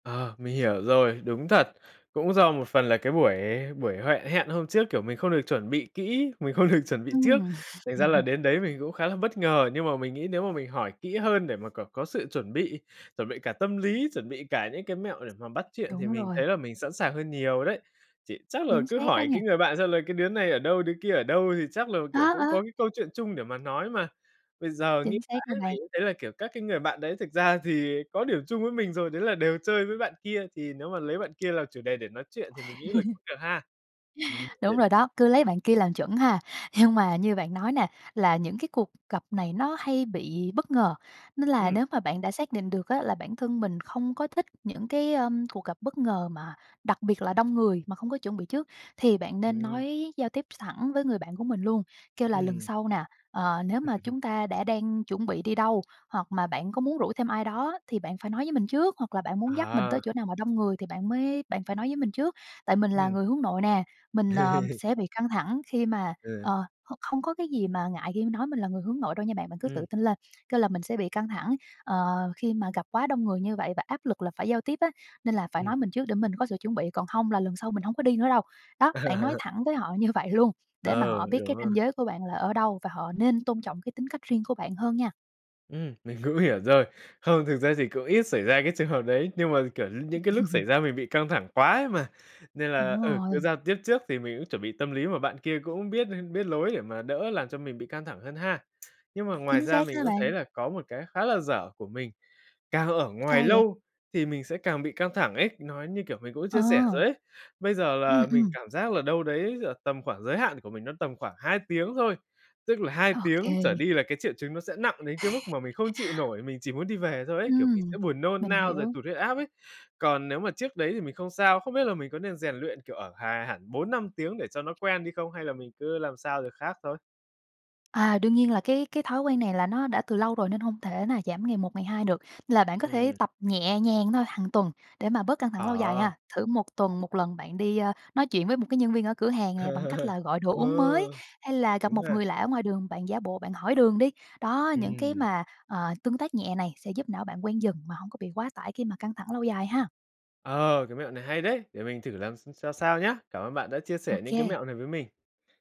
Ờ, mình hiểu rồi, đúng thật, cũng do một phần là cái buổi buổi huệ hẹn hôm trước, kiểu, mình không được chuẩn bị kỹ, mình không được chuẩn bị trước, Ừm. thành ra là đến đấy mình cũng khá là bất ngờ. Nhưng mà mình nghĩ nếu mà mình hỏi kỹ hơn để mà c có sự chuẩn bị, chuẩn bị cả tâm lý, chuẩn bị cả những cái mẹo để mà bắt chuyện thì Đúng mình rồi. thấy là mình sẵn sàng hơn nhiều đấy. Chị chắc là Chính cứ xác đó hỏi cái nha. người bạn xem là cái đứa này ở đâu, đứa kia ở đâu thì chắc là, kiểu, Đó, cũng có ờ. cái câu chuyện chung để mà nói mà. Bây giờ nghĩ Chính xác đó mãi bạn. mình cũng thấy là, kiểu, các cái người bạn đấy thực ra thì có điểm chung với mình rồi, đấy là đều chơi với bạn kia, thì nếu mà lấy bạn kia là chủ đề để nói chuyện thì mình nghĩ là cũng được ha. Ừm Đúng [unintelligible] rồi đó, cứ lấy bạn kia làm chuẩn ha! Nhưng mà như bạn nói nè, là những cái cuộc gặp này nó hay bị bất ngờ, nên là Ừm. nếu mà bạn đã xác định được á là bản thân mình không có thích những cái, ơ, cuộc gặp bất ngờ mà đặc biệt là đông người mà không có chuẩn bị trước, thì bạn nên Ừm. nói giao tiếp thẳng với người bạn của mình luôn, kêu là "Lần Ừm. sau nè, ờ, nếu mà chúng ta đã đang chuẩn bị đi đâu, hoặc mà bạn có muốn rủ thêm ai đó thì bạn phải nói với mình trước, hoặc là bạn muốn dắt mình tới Ờ. chỗ nào mà đông người thì bạn mới bạn phải nói với mình trước. Tại mình là Ừm. người hướng nội nè, mình, ờ, sẽ bị căng thẳng khi mà" Ừ. ờ, h không có cái gì mà ngại khi nói mình là người hướng nội đâu nha bạn, bạn cứ Ừm. tự tin lên. Kêu là "Mình sẽ bị căng thẳng, ờ, khi mà gặp quá đông người như vậy và áp lực là phải giao tiếp á nên là phải Ừm. nói mình trước để mình có sự chuẩn bị, còn không là lần sau mình hông có đi nữa đâu." Đó, bạn nói thẳng với họ như vậy luôn, để mà Ừ, họ biết đúng cái rồi. ranh giới của bạn là ở đâu và họ nên tôn trọng cái tính cách riêng của bạn hơn nha. Ừm, mình cũng hiểu rồi. Không thực ra thì cũng ít xảy ra cái trường hợp đấy, nhưng mà, kiểu, những cái lúc xảy ra mình bị căng thẳng quá ấy mà, nên là Đúng ừ, cứ rồi. giao tiếp trước thì mình cũng chuẩn bị tâm lý, mà bạn kia cũng biết biết lối để mà đỡ làm cho mình bị căng thẳng hơn ha. Nhưng mà ngoài Chính ra xác mình đó cũng thấy bạn. là có một cái khá là dở của mình, càng ở ngoài Sao vậy? lâu thì mình sẽ càng bị căng thẳng ấy, nói như, kiểu, mình cũng chia sẻ rồi Ờ. ấy. Bây giờ Ừm, là mình ừm. cảm giác là đâu đấy giữa tầm khoảng giới hạn của mình nó tầm khoảng 2 tiếng thôi, tức là 2 Ô tiếng kê. trở đi là cái triệu chứng nó sẽ nặng đến cái mức mà mình không chịu nổi, mình chỉ muốn đi về thôi ấy, kiểu, mình sẽ Ừm, buồn nôn mình nao rồi hiểu. tụt huyết áp ấy. Còn nếu mà trước đấy thì mình không sao, không biết là mình có nên rèn luyện, kiểu, ở hà hẳn 4,5 tiếng để cho nó quen đi không? Hay là mình cứ làm sao được khác thôi? À, đương nhiên là cái cái thói quen này là nó đã từ lâu rồi nên hông thể nào giảm ngày một, ngày hai được, nên là bạn có thể Ừm. tập nhẹ nhàng thôi, hàng tuần, để mà bớt căng thẳng lâu dài Ờ. ha, thử 1 tuần 1 lần bạn đi, a, nói chuyện với một cái nhân viên ở cửa hàng nè bằng cách là gọi đồ uống mới, Ừ, hay là gặp đúng một ha! người lạ ở ngoài đường bạn giả bộ bạn hỏi đường đi. Đó những cái Ừm. mà, ờ, tương tác nhẹ này sẽ giúp não bạn quen dần mà hông có bị quá tải khi mà căng thẳng lâu dài ha. Ờ, cái mẹo này hay đấy, để mình thử làm x xem sao nhá. Cảm ơn bạn đã chia Ô sẻ những cái kê. mẹo này với mình.